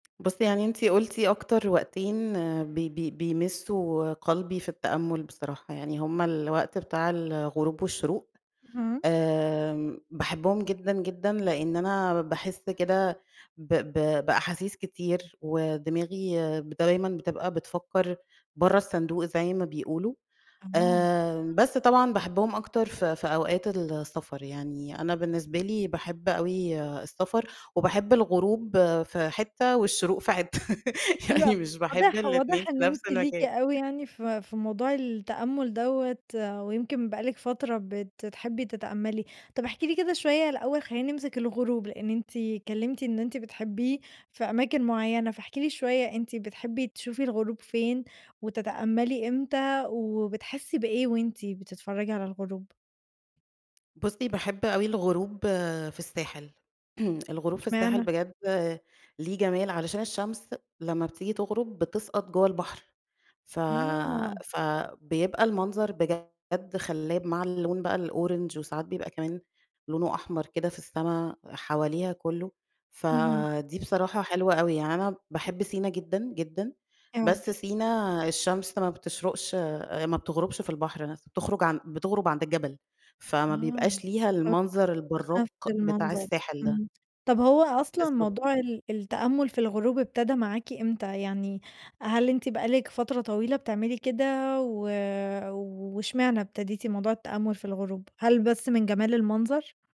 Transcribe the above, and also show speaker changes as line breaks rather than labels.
بُصّي يعني إنتِ قلتِ أكتر وقتين ب ب بيمسّوا قلبي في التأمُّل بصراحة، يعني هُم الوقت بتاع الغروب والشروق،
اهم.
آمم باحبهم جدًا، جدًا لإن أنا باحس كده ب ب بأحاسيس كتير، ودماغي دايمًا بتبقى بتفكّر برّه الصندوق زي ما بيقولوا،
تمام.
آآ بس طبعًا باحبهم أكتر في في أوقات السفر، يعني أنا بالنسبة لي باحب أوي السفر، وباحب الغروب في حتّة والشروق في حتّة،
حلو أ
يعني مش باحب
واضح
الإتنين
واضح
في
إن
نفْس
أنتِ ليكِ
المكان.
أوي يعني في في موضوع التأمُّل دوَّة، ويمكن بقى لِك فترة بتحبي تتأمّلي، طب احكي لي كده شوية الأول خلّينا نمسك الغروب، لإن أنتِ اتكلّمتِ إن أنتِ بتحبيه في أماكن معيّنة، فاحكي لي شوية أنتِ بتحبي تشوفي الغروب فين؟ وتتأمّلي إمتى؟ وبتحسّي بإيه وأنتِ بتتفرّجي على الغروب؟
بُصّي باحب أوي الغروب في الساحل، الغروب في الساحل
اشمعنى؟
بجد ليه جمال، علشان الشمس لمّا بتيجي تغرب بتسقط جوّه البحر، ف
آه.
فبيبقى المنظر بجد خلّاب مع اللون بقى الأورانج وساعات بيبقى كمان لونه أحمر كده في السما حواليها كلّه،
اهم.
فدي بصراحة حلوة أوي، يعني أنا باحب سينا جدًا، جدًا،
أيوه.
بس سينا الشمس ما بتشرقش ما بتغربش في البحر نفْسه، بتخرج بتغرب عند الجبل، فما بيبقاش
[unintelligible]
ليها المنظر
مش
البرّاق
نفْس
بتاع
المنظر،
الساحل ده.
إمم، طب هو أصلًا
بالضبط.
موضوع ال التأمُّل في الغروب ابتدا معاكِ إمتى؟ يعني هل أنتِ بقى لِك فترة طويلة بتعملي كده و واشمعنى ابتديتِ موضوع التأمُّل في الغروب؟ هل بس من جمال المنظر؟